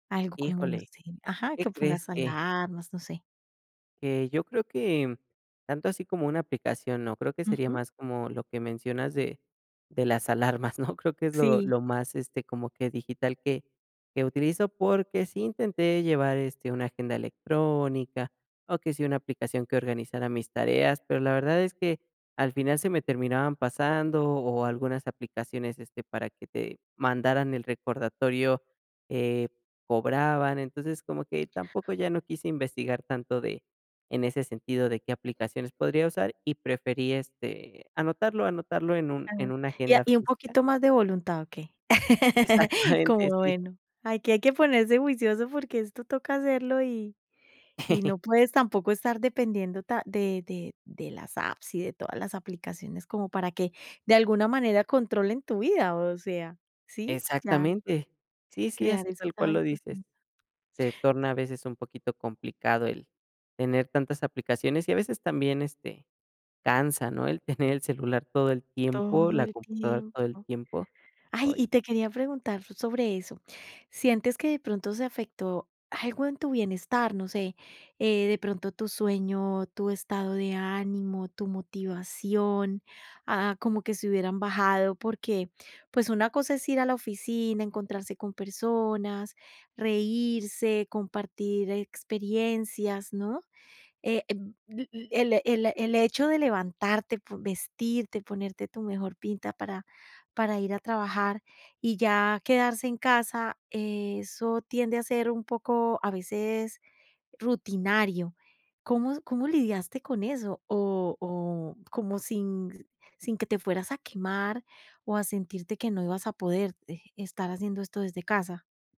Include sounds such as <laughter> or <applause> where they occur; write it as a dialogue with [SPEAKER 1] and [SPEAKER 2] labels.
[SPEAKER 1] Algo como no
[SPEAKER 2] Híjole,
[SPEAKER 1] sé Ajá,
[SPEAKER 2] ¿qué
[SPEAKER 1] que
[SPEAKER 2] crees?
[SPEAKER 1] pongas
[SPEAKER 2] Que
[SPEAKER 1] alarmas, no sé.
[SPEAKER 2] que, yo creo que, tanto así como una aplicación no, creo que sería
[SPEAKER 1] Ujú.
[SPEAKER 2] más como lo que mencionas de de las alarmas, ¿no? Creo que es lo
[SPEAKER 1] Sí.
[SPEAKER 2] lo más, este, como que digital que que utilizo, porque sí intenté llevar, este, una agenda electrónica, o que sí una aplicación que organizara mis tareas, pero la verdad es que, al final se me terminaban pasando, o algunas aplicaciones, este, para que te mandaran el recordatorio, eh, cobraban. Entonces, como que tampoco ya no quise investigar tanto de en ese sentido de qué aplicaciones podría usar y preferí, este, anotarlo, anotarlo en un
[SPEAKER 1] Ah,
[SPEAKER 2] en una
[SPEAKER 1] y a
[SPEAKER 2] agenda
[SPEAKER 1] y un
[SPEAKER 2] física.
[SPEAKER 1] poquito más de voluntad, ¿o qué? <laughs> Como
[SPEAKER 2] Exactamente, sí.
[SPEAKER 1] bueno, aquí hay que ponerse juicioso porque esto toca hacerlo y y
[SPEAKER 2] <giggles>
[SPEAKER 1] no puedes tampoco estar dependiendo ta de de de las apps y de todas las aplicaciones como para que, de alguna manera controlen tu vida, o sea, ¿sí? Ya.
[SPEAKER 2] Exactamente. Sí, sí,
[SPEAKER 1] Crear
[SPEAKER 2] así
[SPEAKER 1] esos
[SPEAKER 2] tal cual lo
[SPEAKER 1] hábitos,
[SPEAKER 2] dices.
[SPEAKER 1] sí.
[SPEAKER 2] Se torna a veces un poquito complicado el tener tantas aplicaciones y a veces también, este, cansa, ¿no? El tener el celular todo el tiempo,
[SPEAKER 1] Todo
[SPEAKER 2] la
[SPEAKER 1] el
[SPEAKER 2] computadora todo el
[SPEAKER 1] tiempo.
[SPEAKER 2] tiempo.
[SPEAKER 1] Ay,
[SPEAKER 2] Ay.
[SPEAKER 1] y te quería preguntar sobre eso. ¿Sientes que de pronto se afectó algo en tu bienestar? No sé, eh, de pronto tú sueño, tú estado de ánimo, tú motivación, ah, como que se hubieran bajado, porque pues una cosa es ir a la oficina, encontrarse con personas, reírse, compartir experiencias, ¿no? Eh, el el el hecho de levantarte, po vestirte, ponerte tu mejor pinta para para ir a trabajar, y ya quedarse en casa, eso tiende a ser un poco, a veces rutinario. ¿Cómo cómo lidiaste con eso? O o como sin sin que te fueras a quemar, o a sentirte que no ibas a poder, eh, estar haciendo esto desde casa.